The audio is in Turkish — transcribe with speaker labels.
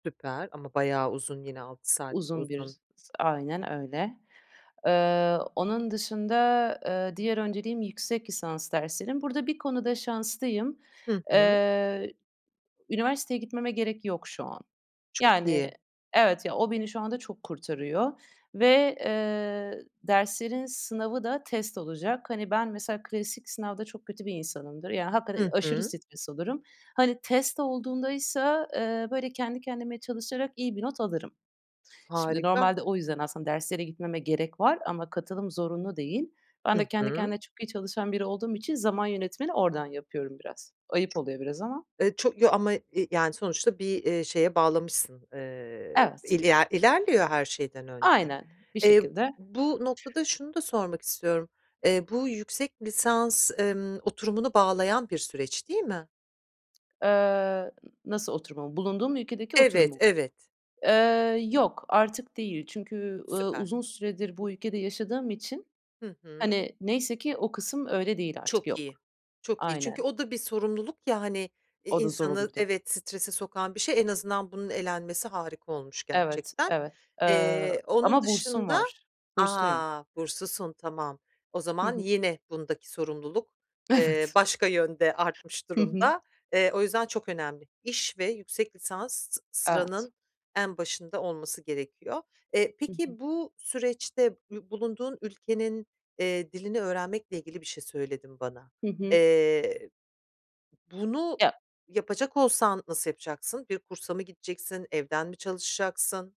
Speaker 1: Süper! Ama bayağı uzun yine 6 saat.
Speaker 2: Uzun bir
Speaker 1: Uzun
Speaker 2: s Aynen öyle. Eee, onun dışında, eee, diğer önceliğim yüksek lisans derslerim. Burada bir konuda şanslıyım.
Speaker 1: Hı hı.
Speaker 2: Eee, üniversiteye gitmeme gerek yok şu an.
Speaker 1: Çok
Speaker 2: Yani
Speaker 1: iyi.
Speaker 2: Evet, ya, o beni şu anda çok kurtarıyor ve, eee, derslerin sınavı da test olacak. Hani, ben mesela klasik sınavda çok kötü bir insanımdır. Ya, hakikaten
Speaker 1: Hı
Speaker 2: aşırı
Speaker 1: hı.
Speaker 2: stres olurum. Hani, test olduğundaysa, eee, böyle, kendi kendime çalışarak iyi bir not alırım. Şimdi
Speaker 1: Harika.
Speaker 2: normalde o yüzden aslında derslere gitmeme gerek var ama katılım zorunlu değil. Ben de
Speaker 1: Hı
Speaker 2: kendi
Speaker 1: hı.
Speaker 2: kendine çok iyi çalışan biri olduğum için zaman yönetimini oradan yapıyorum biraz. Ayıp
Speaker 1: Ço
Speaker 2: oluyor biraz ama.
Speaker 1: Eee, ço ya, ama, eee, yani, sonuçta bir, eee, şeye bağlamışsın, eee,
Speaker 2: Evet.
Speaker 1: iler ilerliyor her şeyden önce.
Speaker 2: Aynen. Bir
Speaker 1: Eee,
Speaker 2: şekilde.
Speaker 1: bu noktada şunu da sormak istiyorum, eee, bu yüksek lisans, emm, oturumunu bağlayan bir süreç değil mi?
Speaker 2: Eee, n nasıl oturumumu? Bulunduğum ülkedeki oturumu
Speaker 1: Evet,
Speaker 2: mu?
Speaker 1: evet.
Speaker 2: Eee, yok, artık değil. Çünkü, ııı,
Speaker 1: Süper!
Speaker 2: uzun süredir bu ülkede yaşadığım için,
Speaker 1: Hı hı.
Speaker 2: hani, neyse ki o kısım öyle değil artık,
Speaker 1: Çok iyi,
Speaker 2: yok.
Speaker 1: çok iyi. Çünkü
Speaker 2: Aynen.
Speaker 1: o da bir sorumluluk, ya, hani, eee,
Speaker 2: O da zor
Speaker 1: insanı
Speaker 2: olurdu.
Speaker 1: Evet, strese sokan bir şey. En azından bunun elenmesi harika olmuş
Speaker 2: Evet,
Speaker 1: gerçekten.
Speaker 2: evet. Eee,
Speaker 1: Eee, onun
Speaker 2: ama bursum
Speaker 1: dışında
Speaker 2: var. Bursluyum.
Speaker 1: A! Burslusun, tamam. O
Speaker 2: Hı
Speaker 1: zaman
Speaker 2: hı.
Speaker 1: yine bundaki sorumluluk, eee,
Speaker 2: Evet.
Speaker 1: başka yönde artmış
Speaker 2: Hı hı.
Speaker 1: durumda. Eee, o yüzden çok önemli. İş ve yüksek lisans s
Speaker 2: Evet.
Speaker 1: sıranın en başında olması gerekiyor. Eee,
Speaker 2: Hı hı.
Speaker 1: peki, bu süreçte ü bulunduğun ülkenin, eee, dilini öğrenmekle ilgili bir şey söyledin bana.
Speaker 2: Hı hı.
Speaker 1: Eee, bunu
Speaker 2: Ya
Speaker 1: yapacak olsan nasıl yapacaksın? Bir kursa mı gideceksin, evden mi çalışacaksın?